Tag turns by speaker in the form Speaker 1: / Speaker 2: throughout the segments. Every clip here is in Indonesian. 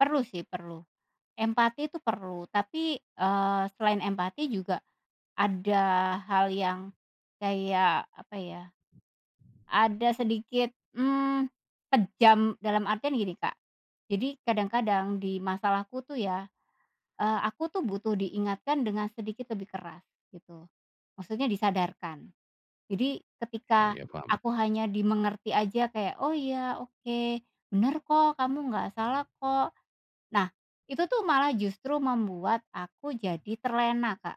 Speaker 1: Perlu sih, perlu. Empati itu perlu tapi, eee, selain empati juga ada hal yang kayak apa ya, ada sedikit, mmm, kejam, dalam artian gini Kak, jadi kadang-kadang di masalahku tuh ya, eee, aku tuh butuh diingatkan dengan sedikit lebih keras gitu. Maksudnya disadarkan. Jadi
Speaker 2: Iya
Speaker 1: ketika
Speaker 2: iya paham.
Speaker 1: aku hanya dimengerti aja kayak, "Oh iya oke, bener kok kamu nggak salah kok." Nah itu tuh malah justru membuat aku jadi terlena Kak.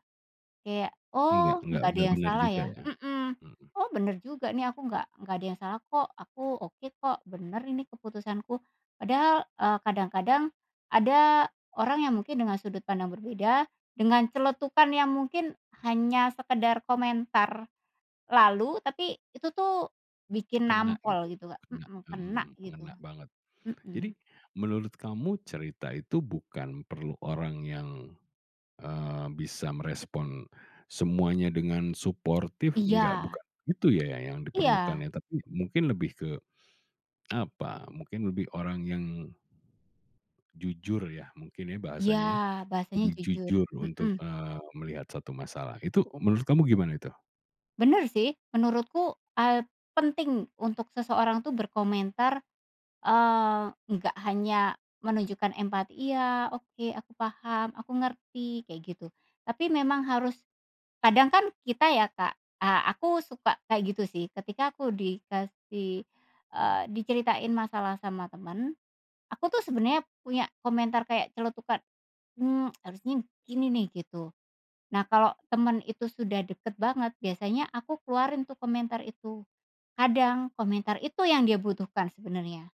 Speaker 1: Kayak,
Speaker 2: Nggak
Speaker 1: oh
Speaker 2: nggak
Speaker 1: nggak ada
Speaker 2: nggak
Speaker 1: yang
Speaker 2: benar
Speaker 1: salah
Speaker 2: juga
Speaker 1: ya,
Speaker 2: ya.
Speaker 1: mhm.
Speaker 2: Mhm.
Speaker 1: Oh bener juga nih aku nggak nggak ada yang salah kok, aku oke kok, bener ini keputusanku. Padahal, eee, kadang-kadang ada orang yang mungkin dengan sudut pandang berbeda, dengan celetukan yang mungkin hanya sekedar komentar lalu, tapi itu tuh bikin
Speaker 2: Kena gitu
Speaker 1: nampol
Speaker 2: ya,
Speaker 1: gitu Kak,
Speaker 2: kena,
Speaker 1: mhm,
Speaker 2: mhm
Speaker 1: kena
Speaker 2: mhm.
Speaker 1: gitu.
Speaker 2: Ngena banget. Jadi,
Speaker 1: Mhm.
Speaker 2: menurut kamu cerita itu bukan perlu orang yang, eee, bisa merespon semuanya dengan suportif, nggak
Speaker 1: Iya.
Speaker 2: bukan itu ya yang
Speaker 1: Iya.
Speaker 2: diperlukannya, tapi mungkin lebih ke, apa, mungkin lebih orang yang jujur ya, mungkin ya
Speaker 1: Iya,
Speaker 2: bahasanya ya.
Speaker 1: bahasanya
Speaker 2: Lebih
Speaker 1: jujur,
Speaker 2: jujur untuk,
Speaker 1: mhm.
Speaker 2: eee, melihat suatu masalah. Itu menurut kamu gimana itu?
Speaker 1: Bener sih, menurutku, eee, penting untuk seseorang tuh berkomentar, eee, nggak hanya menunjukkan empati, "Iya, oke, aku paham, aku ngerti," kayak gitu. Tapi memang harus kadang kan kita ya Kak eee, aku suka kayak gitu sih ketika aku dikasih eee, diceritain masalah sama temen, aku tuh sebenarnya punya komentar kayak celetukan, mmm, harusnya gini nih gitu. Nah kalau teman itu sudah deket banget, biasanya aku keluarin tuh komentar itu, kadang komentar itu yang dia butuhkan sebenarnya.